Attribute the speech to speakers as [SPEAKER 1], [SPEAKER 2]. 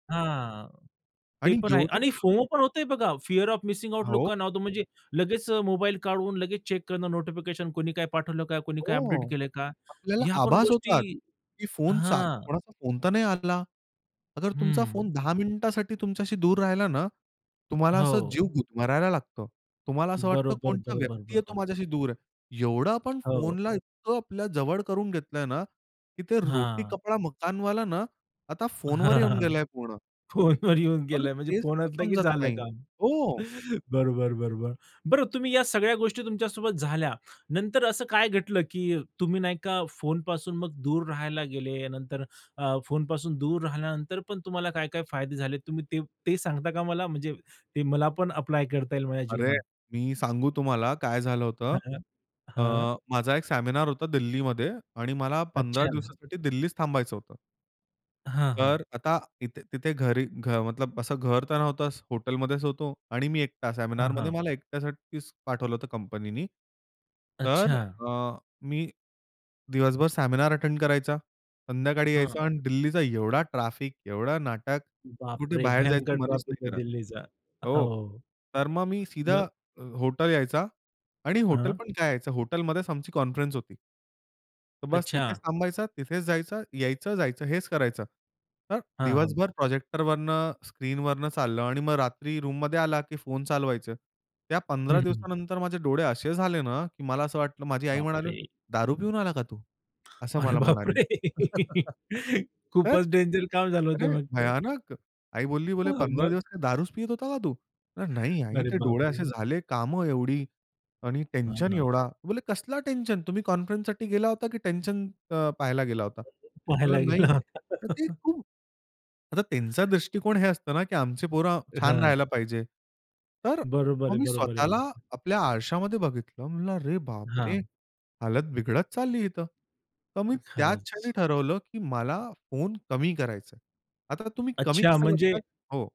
[SPEAKER 1] हां. ते
[SPEAKER 2] आणि
[SPEAKER 1] पण आहे
[SPEAKER 2] एवढं ना
[SPEAKER 1] आणि फोमो पण होतंय बघा, फिअर ऑफ मिसिंग आउट
[SPEAKER 2] हो.
[SPEAKER 1] लोकांना होतो, म्हणजे लगेच अ, मोबाईल काढून लगेच चेक करणं, नोटिफिकेशन कोणी काय पाठवलं का, कुणी काय अपडेट
[SPEAKER 2] हो,
[SPEAKER 1] केलं का?
[SPEAKER 2] आपल्याला
[SPEAKER 1] ह्या पण
[SPEAKER 2] आभास
[SPEAKER 1] गोष्टी
[SPEAKER 2] होतात, की फोन चा
[SPEAKER 1] हां.
[SPEAKER 2] कोणाचा फोन तर नाही आला. अगर तुमचा
[SPEAKER 1] हं.
[SPEAKER 2] फोन 10 मिनिटासाठी तुमच्याशी दूर राहिला ना, तुम्हाला असं
[SPEAKER 1] हो.
[SPEAKER 2] जीव गुदमरायला लागतं. तुम्हाला असं वाटतं
[SPEAKER 1] बरोबर,
[SPEAKER 2] कोणतं
[SPEAKER 1] बरोबर,
[SPEAKER 2] व्यक्ती आहे, तो
[SPEAKER 1] बरोबर.
[SPEAKER 2] माझ्याशी दूर आहे. एवढं आपण
[SPEAKER 1] हो.
[SPEAKER 2] फोनला इतकं आपल्याजवळ करून घेतलंय ना, की ते रोटी,
[SPEAKER 1] हां.
[SPEAKER 2] कपडा, मकानवाला ना आता फोनवर येऊन
[SPEAKER 1] हां.
[SPEAKER 2] गेलाय पूर्ण.
[SPEAKER 1] फोनवर येऊन
[SPEAKER 2] अरे!
[SPEAKER 1] गेलं म्हणजे
[SPEAKER 2] तेच
[SPEAKER 1] फोन
[SPEAKER 2] तर
[SPEAKER 1] असलं की
[SPEAKER 2] समजत
[SPEAKER 1] झालं
[SPEAKER 2] नाही.
[SPEAKER 1] काम.
[SPEAKER 2] हो.
[SPEAKER 1] बरोबर बरोबर. बरं तुम्ही या सगळ्या गोष्टी तुमच्यासोबत झाल्या. नंतर असं काय घडलं, की तुम्ही नाही का फोनपासून दूर राहायला गेले. नंतर अ, फोनपासून दूर राहिल्यानंतर पण तुम्हाला काय काय फायदे झाले? तुम्ही ते ते सांगता का मला, म्हणजे ते मला पण ॲप्लाय करता येईल माझ्या
[SPEAKER 2] अरे!
[SPEAKER 1] जीवनात?
[SPEAKER 2] मी सांगू तुम्हाला काय झालं होतं.
[SPEAKER 1] हां.
[SPEAKER 2] अ,
[SPEAKER 1] हां.
[SPEAKER 2] माझा एक सेमिनार होता दिल्लीमध्ये आणि मला 15
[SPEAKER 1] अच्छा.
[SPEAKER 2] दिवसासाठी दिल्लीत थांबायचं होतं.
[SPEAKER 1] हां, हां.
[SPEAKER 2] तर आता इथे तिथे घरी घ मतलब असं घर तर नव्हतं. हॉटेलमध्येच होतो आणि मी एकटा
[SPEAKER 1] हां,
[SPEAKER 2] सेमिनारमध्ये
[SPEAKER 1] हां.
[SPEAKER 2] मला एकट्यासाठीच पाठवलं होतं कंपनीनी. तर
[SPEAKER 1] अच्छा.
[SPEAKER 2] अ, मी दिवसभर सेमिनार अटेंड करायचा. संध्याकाळी
[SPEAKER 1] हं.
[SPEAKER 2] यायचा आणि दिल्लीचा एवढा ट्रॅफिक, एवढा नाटक.
[SPEAKER 1] बाप
[SPEAKER 2] कुठे
[SPEAKER 1] रे!
[SPEAKER 2] बाहेर
[SPEAKER 1] भयंकर
[SPEAKER 2] जायचं मनच
[SPEAKER 1] ट्रॉफीक
[SPEAKER 2] नाही
[SPEAKER 1] आहे
[SPEAKER 2] करत.
[SPEAKER 1] दिल्लीचा
[SPEAKER 2] हो.
[SPEAKER 1] हो.
[SPEAKER 2] तर मग मी सीधा
[SPEAKER 1] मग?
[SPEAKER 2] हॉटेल यायचो आणि हॉटेल
[SPEAKER 1] हां.
[SPEAKER 2] पण काय? हॉटेलमध्येच आमची कॉन्फरन्स होती. तर बस तिथेच
[SPEAKER 1] अच्छा.
[SPEAKER 2] थांबायचं, तिथेच जायचं, यायचं, जायचं हेच करायचं. तर
[SPEAKER 1] हां, हां.
[SPEAKER 2] दिवसभर प्रोजेक्टरवरनं स्क्रीनवरनं चाललं आणि मग रात्री रूममध्ये आला, की फोन चालवायचे. त्या
[SPEAKER 1] हं,
[SPEAKER 2] 15
[SPEAKER 1] हं, हं.
[SPEAKER 2] दिवसानंतर माझे डोळे असे झाले ना, की मला असं वाटलं माझी आई
[SPEAKER 1] बाप
[SPEAKER 2] म्हणाली
[SPEAKER 1] रे!
[SPEAKER 2] "दारू पिऊन आला का तू?" असं
[SPEAKER 1] अरे
[SPEAKER 2] मला
[SPEAKER 1] बाप
[SPEAKER 2] म्हणाली.
[SPEAKER 1] रे!
[SPEAKER 2] तर
[SPEAKER 1] खूपच डेंजर काम झालं होतं
[SPEAKER 2] अरे!
[SPEAKER 1] मग तर.
[SPEAKER 2] भयानक. आई बोलली बोले
[SPEAKER 1] हां.
[SPEAKER 2] "15
[SPEAKER 1] मग?
[SPEAKER 2] दिवस काय दारूच पित होता का तू?" "नाही आई,
[SPEAKER 1] अरे
[SPEAKER 2] ते
[SPEAKER 1] बाप
[SPEAKER 2] डोळे असे
[SPEAKER 1] रे!
[SPEAKER 2] झाले. कामं एवढी आणि
[SPEAKER 1] हां,
[SPEAKER 2] टेन्शन
[SPEAKER 1] हां.
[SPEAKER 2] एवढा." बोलली "कसला टेन्शन. तुम्ही कॉन्फरन्ससाठी गेला होता की टेन्शन अ, पाहायला गेला होता."
[SPEAKER 1] [unintelligible] पहायला
[SPEAKER 2] म्हणलं "नाही."
[SPEAKER 1] गेला होता.
[SPEAKER 2] तर ते खूप आता त्यांचा दृष्टिकोन हे असतं ना, की आमची पोरं छान
[SPEAKER 1] हां.
[SPEAKER 2] राहायला पाहिजे. तर
[SPEAKER 1] बरोबर
[SPEAKER 2] मग
[SPEAKER 1] आहे.
[SPEAKER 2] मी
[SPEAKER 1] बरोबर आहे.
[SPEAKER 2] स्वतःला
[SPEAKER 1] बरोबर.
[SPEAKER 2] आपल्या आरशामध्ये बघितलं. म्हणलं "अरे बाप रे!
[SPEAKER 1] हां.
[SPEAKER 2] हालत बिघडत चालली इथं." तर मी त्याच क्षणी
[SPEAKER 1] खरंच.
[SPEAKER 2] ठरवलं, की मला फोन कमी करायचा आहे. आता तुम्ही कमी
[SPEAKER 1] अच्छा.
[SPEAKER 2] कसं
[SPEAKER 1] म्हणजे
[SPEAKER 2] करतात? हो.